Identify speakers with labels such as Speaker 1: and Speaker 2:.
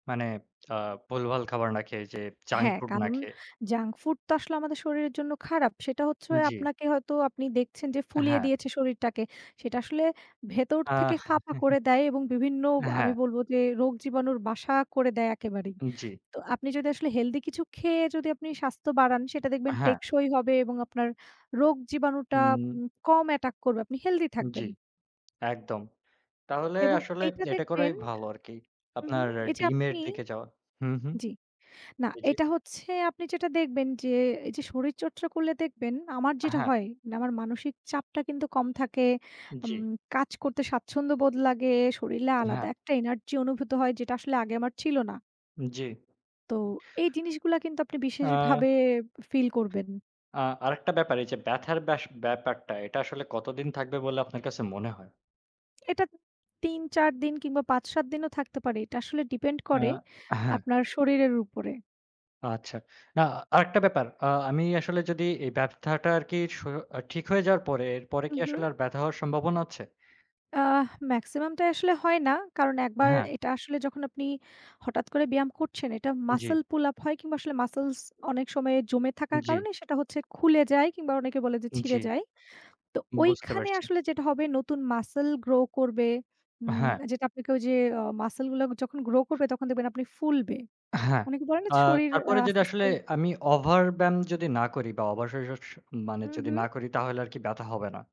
Speaker 1: মানে আ ভুলভাল খাবার না খেয়ে যে জাঙ্ক
Speaker 2: হ্যা,
Speaker 1: ফুড না
Speaker 2: কারণ
Speaker 1: খেয়ে
Speaker 2: জাঙ্ক ফুড তো আসলে আমাদের শরীরের জন্য খারাপ। সেটা হচ্ছে
Speaker 1: জ্বি।
Speaker 2: আপনাকে হয়তো আপনি দেখছেন যে ফুলিয়ে
Speaker 1: হ্যা।
Speaker 2: দিয়েছে শরীরটাকে সেটা আসলে ভেতর থেকে
Speaker 1: আহ!
Speaker 2: ফাঁপা করে দেয় এবং বিভিন্ন
Speaker 1: হ্যা।
Speaker 2: আমি বলব যে রোগ জীবাণুর বাসা করে দেয় একেবারেই।
Speaker 1: জ্বি।
Speaker 2: তো আপনি যদি আসলে হেলথি কিছু খেয়ে যদি আপনি স্বাস্থ্য বাড়ান, সেটা দেখবেন
Speaker 1: হ্যা।
Speaker 2: টেকসই হবে এবং আপনার রোগ জীবাণুটা উ
Speaker 1: হুম।
Speaker 2: কম অ্যাটাক করবে আপনি হেলথি থাকবেন।
Speaker 1: জ্বি, একদম। তাহলে
Speaker 2: এবং
Speaker 1: আসলে
Speaker 2: এইটা
Speaker 1: এটা করাই
Speaker 2: দেখবেন
Speaker 1: ভালো আরকি
Speaker 2: হু, হু,
Speaker 1: আপনার
Speaker 2: এইযে
Speaker 1: ডিমের
Speaker 2: আপনি
Speaker 1: দিকে যাওয়া। হুম, হুম।
Speaker 2: জ্বি। না
Speaker 1: জ্বি।
Speaker 2: এটা হচ্ছে আপনি যেটা দেখবেন যে এই যে শরীর চর্চা করলে দেখবেন আমার যেটা
Speaker 1: হ্যা।
Speaker 2: হয় নে আমার মানসিক চাপটা কিন্তু কম থাকে, উম
Speaker 1: জ্বি।
Speaker 2: কাজ করতে স্বাচ্ছন্দ্যবোধ লাগে, শরীলে আলাদা
Speaker 1: হ্যা।
Speaker 2: একটা এনার্জি অনুভূত হয় যেটা আসলে আগে আমার ছিল না।
Speaker 1: জ্বি।
Speaker 2: তো এই জিনিসগুলা কিন্তু আপনি বিশেষ
Speaker 1: আ
Speaker 2: ভাবে ফিল করবেন।
Speaker 1: আ আরেকটা ব্যাপার এই যে ব্যাথার ব্যাস, ব্যাপারটা এটা আসলে কতদিন থাকবে বলে আপনার কাছে মনে হয়?
Speaker 2: এটা ৩-৪ দিন কিংবা ৫-৭ দিনও থাকতে পারে। এটা আসলে ডিপেন্ড
Speaker 1: আ
Speaker 2: করে
Speaker 1: হ্যা।
Speaker 2: আপনার শরীরের উপরে।
Speaker 1: আচ্ছা, না আরেকটা ব্যাপার। আ আমি আসলে যদি এই ব্যাথাটা আর কি স্য ঠিক হয়ে যাওয়ার পরে, এরপরে
Speaker 2: হু,
Speaker 1: কি
Speaker 2: হু।
Speaker 1: আসলে আর ব্যাথা হওয়ার সম্ভাবনা আছে?
Speaker 2: আহ! মেক্সিমাম টাই আসলে হয় না কারণ একবার
Speaker 1: হ্যা।
Speaker 2: এটা আসলে যখন আপনি হঠাৎ করে ব্যায়াম করছেন, এটা
Speaker 1: জ্বি।
Speaker 2: মাসল পুল আপ হয় কিংবা আসলে মাসলস্ অনেক সময়ে জমে থাকার
Speaker 1: জ্বি।
Speaker 2: কারণে সেটা হচ্ছে খুলে যায় কিংবা অনেকে বলে যে ছিঁড়ে
Speaker 1: জ্বি।
Speaker 2: যায়। তো
Speaker 1: বুঝতে
Speaker 2: ঐখানে
Speaker 1: পারছি।
Speaker 2: আসলে যেটা হবে নতুন মাসল গ্রো করবে, উম
Speaker 1: হ্যা।
Speaker 2: যেটা আপনাকে ওই যে মাসল গুলো যখন গ্রো করবে, তখন দেখবেন আপনি ফুলবে
Speaker 1: হ্যা।
Speaker 2: অনেকে বলে না
Speaker 1: আ
Speaker 2: শরীর
Speaker 1: তারপরে যেটা
Speaker 2: আস্তে,
Speaker 1: আসলে
Speaker 2: আস্তে
Speaker 1: আমি ওভার ব্যায়াম যদি না করি বা ওভার স স মানে
Speaker 2: হু,
Speaker 1: যদি
Speaker 2: হু।
Speaker 1: না করি তাহলে আরকি ব্যথা হবে না?